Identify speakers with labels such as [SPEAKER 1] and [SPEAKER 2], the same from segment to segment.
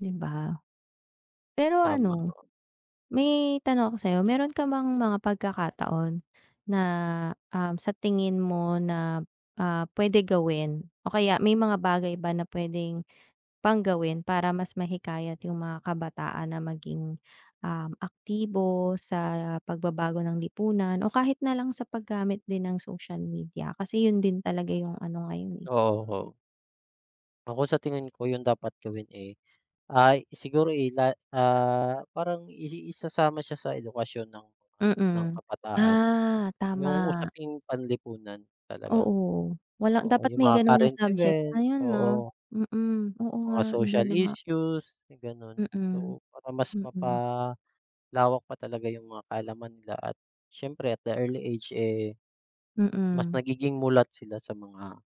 [SPEAKER 1] 'Di ba? Pero
[SPEAKER 2] Tama
[SPEAKER 1] ano,
[SPEAKER 2] po.
[SPEAKER 1] may tanong ako, sa'yo. Meron ka bang mga pagkakataon na, um, sa tingin mo na, ah, pwede gawin o kaya may mga bagay ba na pwedeng pang gawin para mas mahikayat yung mga kabataan na maging, um, aktibo sa pagbabago ng lipunan o kahit na lang sa paggamit din ng social media? Kasi yun din talaga yung ano ngayon, eh.
[SPEAKER 2] Oho. Ako sa tingin ko, yung dapat gawin, eh, ay siguro, eh, la ah, parang i i isasama siya sa edukasyon ng ng
[SPEAKER 1] Mm.
[SPEAKER 2] kabataan,
[SPEAKER 1] Ah,
[SPEAKER 2] yung
[SPEAKER 1] tama.
[SPEAKER 2] usaping panlipunan talaga,
[SPEAKER 1] Oo, wala
[SPEAKER 2] oo,
[SPEAKER 1] dapat
[SPEAKER 2] yung
[SPEAKER 1] may
[SPEAKER 2] mga
[SPEAKER 1] ganun na
[SPEAKER 2] current
[SPEAKER 1] subject
[SPEAKER 2] event,
[SPEAKER 1] ngayon 'no.
[SPEAKER 2] oo.
[SPEAKER 1] Mm, oo nga
[SPEAKER 2] Mga
[SPEAKER 1] iba
[SPEAKER 2] social
[SPEAKER 1] na nga.
[SPEAKER 2] issues, may ganun.
[SPEAKER 1] Mm,
[SPEAKER 2] So, para mas
[SPEAKER 1] mm.
[SPEAKER 2] mapalawak pa talaga yung mga kaalaman nila at siyempre at the early age, eh, mas
[SPEAKER 1] Mm.
[SPEAKER 2] nagiging mulat sila sa mga,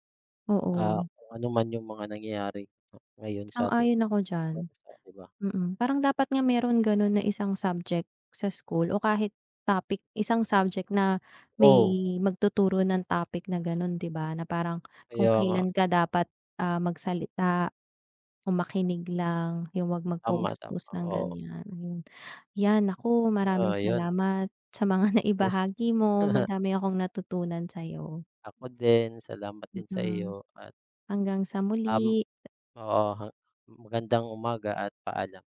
[SPEAKER 2] ah,
[SPEAKER 1] Oo.
[SPEAKER 2] kung ano man yung mga nangyayari, 'no, ngayon sa ating
[SPEAKER 1] Sang-ayon ako diyan,
[SPEAKER 2] bansa, 'di ba?
[SPEAKER 1] mm. Parang dapat nga meron ganun na isang subject sa school o kahit topic, isang subject na may
[SPEAKER 2] Oo.
[SPEAKER 1] magtuturo ng topic na gano'n, 'di ba, na parang kung
[SPEAKER 2] Kaya nga.
[SPEAKER 1] kailan ka dapat, ah, magsalita o makinig lang, yung wag
[SPEAKER 2] Tama,
[SPEAKER 1] mag-post
[SPEAKER 2] tama
[SPEAKER 1] post ng
[SPEAKER 2] oo.
[SPEAKER 1] gan'yan yun. Yan nako, maraming
[SPEAKER 2] Oh, yun.
[SPEAKER 1] salamat sa mga
[SPEAKER 2] Yes.
[SPEAKER 1] naibahagi mo madami akong natutunan sa'yo.
[SPEAKER 2] Ako din salamat din sa
[SPEAKER 1] Mm,
[SPEAKER 2] iyo at
[SPEAKER 1] hanggang sa
[SPEAKER 2] Um
[SPEAKER 1] muli.
[SPEAKER 2] Oo, ha magandang umaga at paalam.